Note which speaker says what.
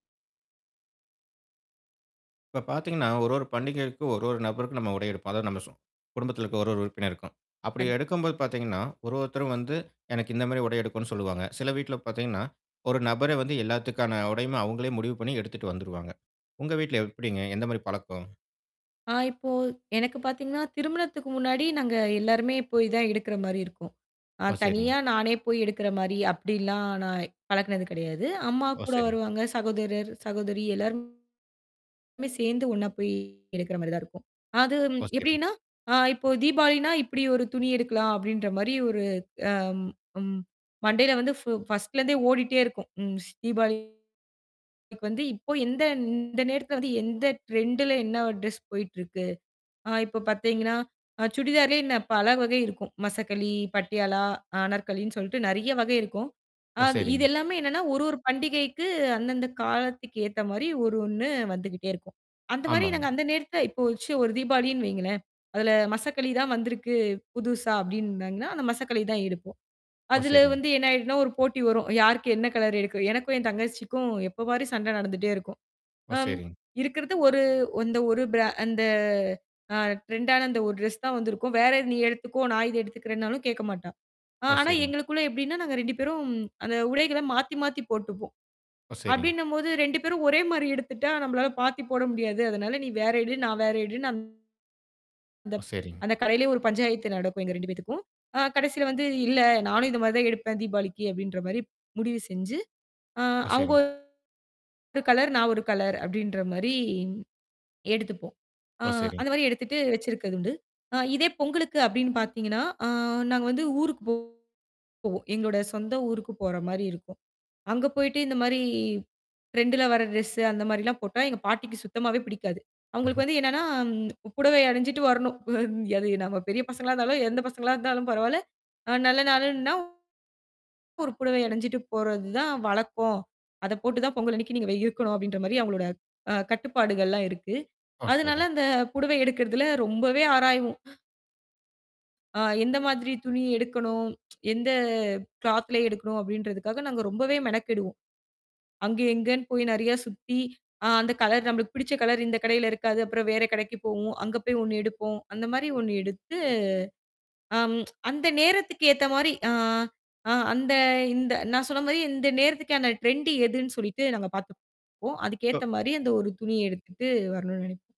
Speaker 1: இப்ப பாத்தீங்கன்னா, ஒரு ஒரு பண்டிகைக்கு, ஒரு ஒரு நபருக்கு நம்ம உடை எடுப்போம். அதாவது நம்ம சொ குடும்பத்துல இருக்க ஒரு, ஒரு உறுப்பினருக்கும். அப்படி
Speaker 2: கண்
Speaker 1: எடுக்கும்போது பாத்தீங்கன்னா, ஒரு, ஒருத்தரும் வந்து, எனக்கு இந்தமாரி உடை எடுக்கணுன்னு சொல்லுவாங்க. சில வீட்ல பாத்தீங்கன்னா, ஒரு நபரே வந்து எல்லாத்துக்கான உடையும், அவுங்களே முடிவு பண்ணி எடுத்துட்டு வந்துருவாங்க. உங்க வீட்டுல எப்பிடிங்க? எந்த மாதிரி பழக்கம்?
Speaker 2: ஆ இப்போ எனக்குப் பாத்தீங்கன்னா, திருமணத்துக்கு முன்னாடி நாங்க எல்லாருமே போய் தான் எடுக்குறமாரி இருக்கும். அ
Speaker 1: ஓ! சரிங்க.
Speaker 2: தனியா நானே போய் எடுக்குற மாரி, அப்பிடில்லாம் நான் பழக்குனது கிடையாது.
Speaker 1: ஓ!
Speaker 2: அம்மாகூட
Speaker 1: சரிங்க.
Speaker 2: வருவாங்க. சகோதரர், சகோதரி எல்லாருமே சேந்து ஒண்ணா போய் எடுக்குறமாரி தான் இருக்கும். அது ம்
Speaker 1: ஓ! சரிங்க.
Speaker 2: எப்பிடின்னா, ஆ இப்போ தீபாவளின்னா, இப்பிடி ஒரு துணி எடுக்கலாம்! அப்பிடின்ற மாரி ஒரு அம், ம் மண்டையில வந்து ஃபு பர்ஸ்ட்ல இருந்தே ஓடிட்டே இருக்கும். ம். தீபாவளிக்கு வந்து இப்போ எந்த இந்த நேரத்துல வந்து, எந்த ட்ரெண்டுல என்னா ட்ரெஸ் போயிட்ருக்கு? ஆ இப்போ பாத்தீங்கன்னா, அ சுடிதாரே நா பல வகை இருக்கும். மசக்கலி, பட்டியாலா, அனார்கலின்னு சொல்லிட்டு நெறையா வகை இருக்கும்.
Speaker 1: ஓ!
Speaker 2: அது இது
Speaker 1: சரிங்க.
Speaker 2: எல்லாமே என்னான்னா, ஒரு, ஒரு பண்டிகைக்கு, அந்தந்த காலத்துக்கு ஏத்தமாரி ஒரு, ஒன்னு வந்துகிட்டே இருக்கும். அந்தமாரி நாங்க
Speaker 1: ஆமாங்க.
Speaker 2: அந்த நேரத்துல இப்போ ஒரு ச்சு ஒரு தீபாவளின்னு வைங்களேன். அதுல, "மசக்கலி தான் வந்திருக்கு, புதுசா" அப்பிடின்னாங்கன்னா, அந்த மசக்கலி தான் எடுப்போம்.
Speaker 1: ஓ!
Speaker 2: அதுல
Speaker 1: சரிங்க.
Speaker 2: வந்து என்னா ஆயிடுன்னா, ஒரு போட்டி வரும். யாருக்கு என்ன கலர் எடுக்குற எனக்கும் என் தங்கச்சிக்கும் எப்ப பாரு சண்டை நடந்துட்டே இருக்கும்.
Speaker 1: ஓ!
Speaker 2: அம்
Speaker 1: சரிங்க.
Speaker 2: இருக்குறது ஒரு இந்த ஒரு ப்ரா அந்த அ ட்ரெண்டான அந்த ஒரு ட்ரெஸ் தான் வந்திருக்கும். "வேற இது நீ எடுத்துக்கோ!" நான் இத எடுத்துக்கறேன்னாலும் கேக்க மாட்டா. அ
Speaker 1: ஓ!
Speaker 2: ஆனா,
Speaker 1: சரிங்க.
Speaker 2: எங்களுக்குள்ள எப்பிடின்னா, நாங்க 2 பேரும் அந்த உடைகள மாத்தி மாத்தி போட்டுப்போம்.
Speaker 1: ஓ! சரிங்க.
Speaker 2: அப்பிடின்னம்போது, 2 பேரும் ஒரே மாரி எடுத்துட்டா, நம்பளால மாத்திப் போட முடியாது. அதனால நீ வேற எடு. நான் வேற எடு நான் அந்த
Speaker 1: ஒ! சரிங்க.
Speaker 2: அந்தக் கடையிலயே ஒரு பஞ்சாயத்து நடக்கும். எங்க 2 பேத்துக்கும். அ கடைசில வந்து, "இல்ல, நானும் இந்தமாரி தான் எடுப்பேன் தீபாவளிக்கு" அப்பிடின்ற மாரி முடிவு செஞ்சு, அ
Speaker 1: ஓ!
Speaker 2: அவுங்க
Speaker 1: சரிங்க.
Speaker 2: ஒரு கலர், நான் ஒரு கலர் அப்பிடின்றமாரி எடுத்துப்போம். அ
Speaker 1: ஓ! சரிங்க.
Speaker 2: அந்தமாரி எடுத்துட்டு, வச்சிருக்கது உண்டு. அ இதே பொங்கலுக்கு அப்பிடின்னு பாத்தீங்கன்னா, அ நாங்க வந்து ஊருக்குப் போவோம். எங்களோட சொந்த ஊருக்குப் போறமாரி இருக்கும். அங்க போயிட்டு இந்த மாரி ட்ரெண்டுல வர ட்ரெஸ்ஸு அந்த மாரில்லாம் போட்டா எங்க பாட்டிக்கு சுத்தமாவே பிடிக்காது. அவுங்களுக்கு வந்து என்னான்னா, ம் புடவை அணிஞ்சுட்டு வரணும். அது நம்ம பெரிய பசங்களா இருந்தாலும், எந்தப் பசங்களா இருந்தாலும் பரவாயில்லை.அ நல்ல நாளுன்னா ஒரு புடவை அணிஞ்சுட்டு போறது தான் வழக்கம். அதப் போட்டுத் தான் பொங்கல் அன்னிக்கு நீங்க வெ இருக்கணும் அப்பிடின்ற மாரி அவுங்களோட அ கட்டுப்பாடுகள் எல்லாம் இருக்கு.
Speaker 1: ஓ!
Speaker 2: அதனால
Speaker 1: சரிங்க.
Speaker 2: அந்தப் புடவை எடுக்குறதுல ரொம்பவே ஆராய்வோம். அ எந்த மாதிரி துணி எடுக்கணும்? எந்த க்ளாத்ல எடுக்கணும் அப்பிடின்றதுக்காக, நாங்க ரொம்பவே மெனக்கெடுவோம். அங்க இங்கன்னு போய் நெறையா சுத்தி அ அந்தக் கலர் நம்பளுக்கு பிடிச்ச கலர் இந்தக் கடையில இருக்காது. அப்புறம் வேற கடைக்குப் போவோம். அங்க போய் ஒன்னு எடுப்போம். அந்தமாரி ஒன்னு எடுத்து அம் அந்த நேரத்துக்கு ஏத்தமாரி, ஆ அ அந்த, இந்த, நான் சொன்னமாரி இந்த நேரத்துக்கான ட்ரெண்டு எதுன்னு சொல்லிட்டு நாங்க பாத்துக்குவோம் அதுக்கு
Speaker 1: [unintelligible]
Speaker 2: ஏத்தமாரி அந்த ஒரு துணி எடுத்துட்டு, வரணுன்னு நினைப்போம்.